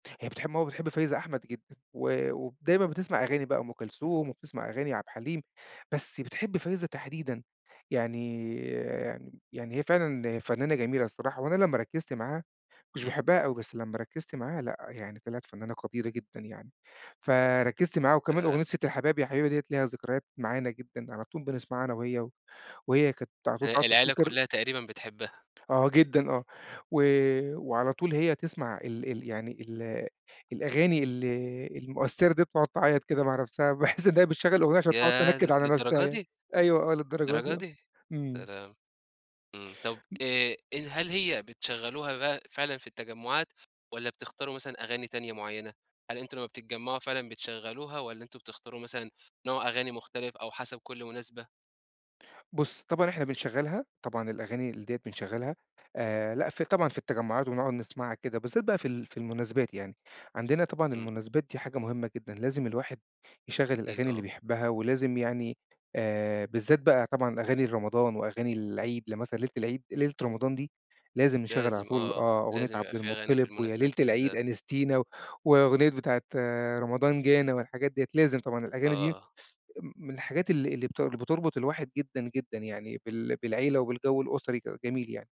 هي بتحِب ماما بتحِب فايزة أحمد جدًا و وب دايمًا بتسمَع أغاني بقى وأم كلثوم، وبتسمَع أغاني عبد الحليم، بس بتحِب فايزة تحديدًا. يعني يعني هي فعلًا فنانة جميلة الصراحة، وأنا لمّا ركِّزت معاها، ما كنتش إمم. باحِبها أوي، بس لمّا ركِّزت معاها لأ، يعني طلَعت فنانة قديرة جدًا يعني. فركِّزت معاها، وكمان آآ أغنية ستّ الحباب يا حبيبة ديّة ليها ذكريات معانا جدًا، على طول بنسمَعها أنا وهي، و وهي كانت على طول ال بقى العيلة بتفتكِر كلّها تقريبًا بتحبها. آه جدًا، آه و وعلى طول هي تسمَع ال ال يعني ال الأغاني ال المؤثِّرة ديّة وتقعُد تعيَّط كده مع نفسها، باحِس إنّها بتشغِّل الأغنية عشان تقعُد ياه! ل تنكِّد على نفسها للدرجة يعني. دي! أيوه آه، للدرجة للدرجة دي آه، دي! يا إمم. لهوي! إمم، طب م آآ، ال هل هي بتشغّلوها بقى فعلًا في التجمعات والّا بتختاروا مثلًا أغاني تانية معيّنة؟ هل أنتم لمّا بتتجمعوها فعلًا بتشغّلوها والّا أنتم بتختاروا مثلًا نوع أغاني مختلف أو حسب كل مناسبة؟ بُص، طبعًا إحنا بنشغِّلها، طبعًا الأغاني ال ديّة بنشغِّلها آآ، لأ في طبعًا في التجمعات ونقعُد نسمَعها كده، بالذات بقى في ال في المناسبات يعني. عندنا طبعًا إمم. المناسبات دي حاجة مهمة جدًا، لازم الواحد يشغِّل أكيد، الأغاني اللي آه. بيحِبّها، ولازم يعني آآ، بالذات بقى طبعًا أغاني لرمضان وأغاني العيد. لمثلًا ليلة العيد ليلة رمضان دي لازم نشغِّل على لازم طول آه، آه، أغنية لازم يبقى عبد في أغاني في المطَّلب ويا المناسبات ليلة دي العيد بالذات. أنستِينا و وأغنية بتاعة رمضان جانا، والحاجات ديّة لازم، طبعًا الأغاني دي م آه. من الحاجات اللي اللي بتر بتربِط الواحد جدًا جدًا يعني بال بالعيلة وبالجو الأُسري كده، جميل يعني.